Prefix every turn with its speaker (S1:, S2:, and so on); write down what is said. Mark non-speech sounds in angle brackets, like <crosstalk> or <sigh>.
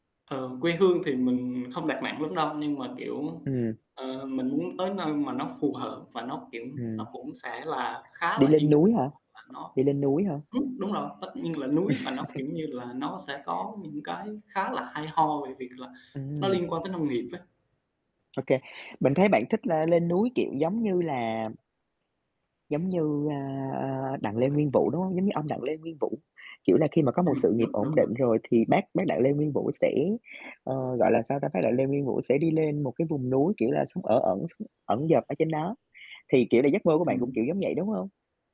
S1: Ờ, quê hương thì mình không đặt nặng lắm đâu, nhưng mà, kiểu,
S2: Ừm.
S1: ờ, mình muốn tới nơi mà nó phù hợp và nó, kiểu,
S2: Ừm.
S1: nó cũng sẽ là khá
S2: Đi
S1: là
S2: lên
S1: yên
S2: núi
S1: tĩnh
S2: hả?
S1: hoặc là nó
S2: Đi lên núi hả?
S1: ừm, đúng rồi, tất nhiên là núi và nó, kiểu
S2: <laughs>
S1: như là, nó sẽ có những cái khá là hay ho về việc là nó
S2: Ừm.
S1: liên quan tới nông nghiệp ấy.
S2: Ô kê, mình thấy bạn thích là lên núi, kiểu giống như là giống như, a, a, Đặng Lê Nguyên Vũ, đúng hông? Giống như ông Đặng Lê Nguyên Vũ, kiểu là khi mà có một
S1: Ừm,
S2: sự nghiệp
S1: đúng,
S2: ổn
S1: đúng, đúng.
S2: định rồi thì bác bác Đặng Lê Nguyên Vũ sẽ ờ, gọi là sao ta? Bác Đặng Lê Nguyên Vũ sẽ đi lên một cái vùng núi, kiểu là, sống ở ẩn, s ẩn dật ở trên đó. Thì, kiểu là, giấc mơ của bạn cũng kiểu
S1: Ừm.
S2: giống vậy, đúng hông?